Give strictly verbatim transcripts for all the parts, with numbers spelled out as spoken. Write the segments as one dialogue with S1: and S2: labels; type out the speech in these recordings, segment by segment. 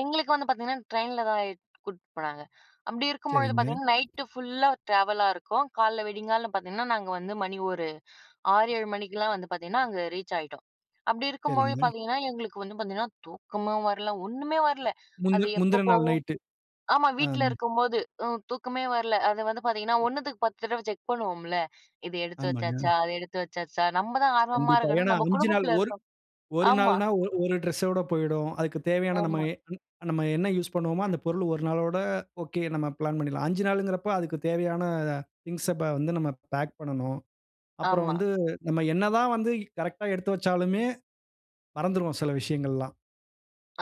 S1: எங்களுக்கு வந்து பாத்தீங்கன்னா, ட்ரெயின்ல தான் இ கூட்டிட்டு போனாங்க, அப்டி இருக்கும்பொழுது
S2: செரிங்க.
S1: பாத்தீங்கன்னா நைட்டு ஃபுல்லா ட்ராவலா இருக்கும். காலையில வெடிங்காலங் பாத்தீங்கன்னா, நாங்க வந்து மணி ஒரு ஆறு, ஏழு மணிக்கெல்லாம் வந்து பாத்தீங்கன்னா, அங்க ரீச் ஆகிட்டோம். அப்டி இருக்கும்போது
S2: செரிங்க.
S1: பாத்தீங்கன்னா, எங்களுக்கு வந்து பாத்தீங்கன்னா தூக்கமும் வரல ஒண்ணுமே வரல.
S2: முந்த
S1: அது எப்ப
S2: முந்தின நாள்
S1: போவோம்
S2: நைட்டு.
S1: ஆமா. வீட்டுல
S2: அம்.
S1: இருக்கும்போது அ தூக்கமே வரல, அது வந்து பாத்தீங்கன்னா ஒன்னு த்துக்கு பத்து தடவ செக் பண்ணுவோம்ல, இது எடுத்து
S2: ஆமாங்க.
S1: வெச்சாச்சா, அத எடுத்து வச்சாச்சா, நம்ம தான் ஆர்வமா
S2: கண்டிப்பாங்க.
S1: இருக்கோன்னா,
S2: ஏன்னா
S1: நம்ம
S2: அஞ்சு நாள்,
S1: குடும்பத்துல
S2: ஒரு
S1: இருக்கோம்
S2: ஒரு
S1: ஆமா.
S2: நாள்னா ஒரு ஒரு டிரெஸ் ஓட போய்டும். அதுற்குத் தேவயான நம்ம
S1: ஆமா.
S2: நம்ம என்ன யூஸ் பண்ணுவோமோ, அந்த பொருள் ஒரு நாளோட, ஓகே நம்ம பிளான் பண்ணிடலாம். அஞ்சு நாளுங்குறப்போ அதுக்குத் தேவையான திங்ஸா வந்து நம்ம பேக் பண்ணணும். அப்புறம்
S1: ஆமா.
S2: வந்து நம்ம என்னதான் வந்து கரெக்ட்டா எடுத்து வெச்சாலுமே, மறந்துடுவோம் சில விஷயங்களெல்லாம்.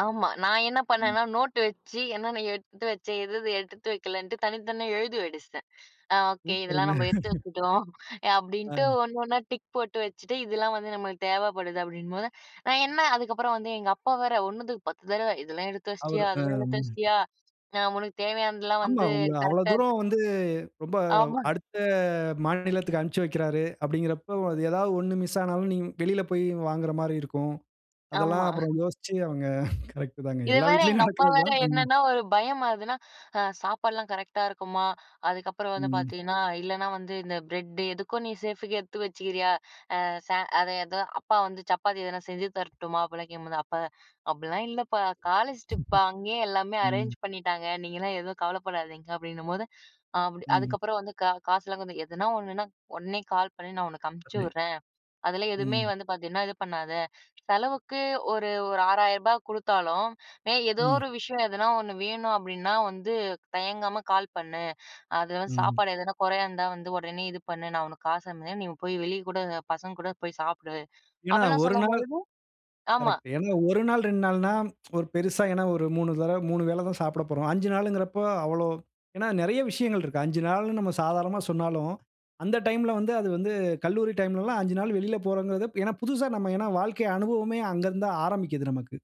S1: ஆமா. நான் என்ன
S2: ம்.
S1: பண்ணேன்னா நோட்டு வெச்சு என்னென்ன எடுத்து வச்சேன். எது எது எடுத்து வெக்கலன்ட்டு, தனித்தனியா எழுதி வெடிச்சுட்டேன். அ, "ஓகே இதெல்லாம்
S2: சூப்பருங்க.
S1: நம்ம எடுத்து வெச்சுட்டோம்," அ அப்டின்ட்டு
S2: அ.
S1: ஒன்னு ஒன்னா டிக் போட்டு வெச்சுட்டு, இதெல்லாம் வந்து நம்மளுக்கு தேவப்படுது அப்டின்னும்போது, நான் என்ன அதுக்கப்புறம் வந்து எங்க அப்பா வேற ஒன்னு துக்கு பத்து தடவ, இதெல்லாம் எடுத்து
S2: அவரு,
S1: வெச்சுட்டியா,
S2: ஹா.
S1: அதெல்லாம் எடுத்து வெச்சுட்டியா? நான் உனக்கு தேவயானதெல்லாம்
S2: ஆமா.
S1: வந்து
S2: உங்கள அவ்ளோ
S1: கரெக்ட்டா எடுத்துட்டு
S2: தூரம் வந்து, ரொம்ப
S1: ஆமாங்
S2: அடுத்த மாநிலத்துக்கு அனுப்பிச்சு வெக்கிறாரு. அப்டிங்குறபோ ஏதாவது ஒன்னு மிஸ் ஆனாலும், நீங்க வெளில போய் வாங்குகுற மாரி இருக்கும். அதெல்லாம்
S1: ஆமா.
S2: அப்புறம் யோசிச்சு அவங்க கரெக்ட் தாங்க.
S1: இதுல
S2: எல்லா
S1: வேற
S2: வீட்டிலயும்
S1: எங்க அப்பா
S2: நடக்குறது
S1: வேற,
S2: தான். ம்.
S1: என்னன்னா ஒரு பயம் அதுன்னா, அ "சாப்பாடுலாம் கரெக்ட்டா இருக்குமா? அதுக்கப்புறம் வந்து
S2: ம்.
S1: பாத்தீங்கன்னா இல்லனா வந்து இந்த பிரெட்டு, எதுக்கோ நீ சேஃபுக்கு எடுத்து வெச்சுக்குறியா. அ, ச அதேதா அப்பா வந்து சப்பாத்தி எதனா செஞ்சு தரட்டுமா?" அப்டிலாம் கேக்கும்போது, "அப்பா அப்டிலாம் இல்லப்பா காலேஜ் ட்ரிப்பா அங்கயே எல்லாமே அரேஞ்
S2: ம்.
S1: பண்ணிட்டாங்க. நீங்கலாம் எதுவும் கவலப்படாதீங்க," அப்டின்னும்போது அப்டி
S2: ம்.
S1: அதுக்கப்புறம் வந்து "காசு காசுலாம் கொஞ்சம் எதனா ஒண்ணுனா உடனே கால் பண்ணு, நான் உனக்கு அனுப்பிச்சு
S2: [unintelligible]
S1: வுடுறன்." அதெல்லாம் எதுவுமே
S2: ம்.
S1: வந்து பாத்தீங்கன்னா, இது பண்ணாத, செலவுக்கு ஒரு ஒரு ஆறாயிருபா கொடுத்தாலும், ஏன் ஏதோ
S2: ம்.
S1: ஒரு விஷயம் "எதுனா ஒன்னு வேணும் அப்டின்னா வந்து, தயங்காம கால் பண்ணு. அதுல வந்து
S2: ம்.
S1: சாப்பாடு எதனா கொறயா இருந்தா, வந்து உடனே இது பண்ணு. நான் உனக்கு காசு அனுப்புற, நீ போய் வெளிய கூட பசங்க கூட போய் சாப்பிடு."
S2: ஏன்னா,
S1: அப்டிலாம்
S2: ஒரு நாள்
S1: சொல்லும்போது ஆமா.
S2: கரெக்ட்டு. ஏன்னா ஒரு நாள், ரெண்டு நாள்ன்னா ஒரு பெருசா ஏன்னா ஒரு மூனு தடவ, மூனு வேள தான் சாப்பிடப் போறோம். அஞ்சு நாள் இங்குறப்போ அவ்ளோ ஏன்னா நெறய விஷயங்கள் இருக்கு. அஞ்சு நாள்ன்னு நம்ம சாதாரணமா சொன்னாலும், அந்த டைம்ல வந்து, அது வந்து கல்லூரி டைம்லலாம் அஞ்சு நாள் வெளியில போறோங்குறது ஏன்னா புதுசா, நம்ம ஏன்னா, வாழ்க்கை அனுபவமே அங்க இருந்து தான் ஆரம்பிக்குது நமக்கு.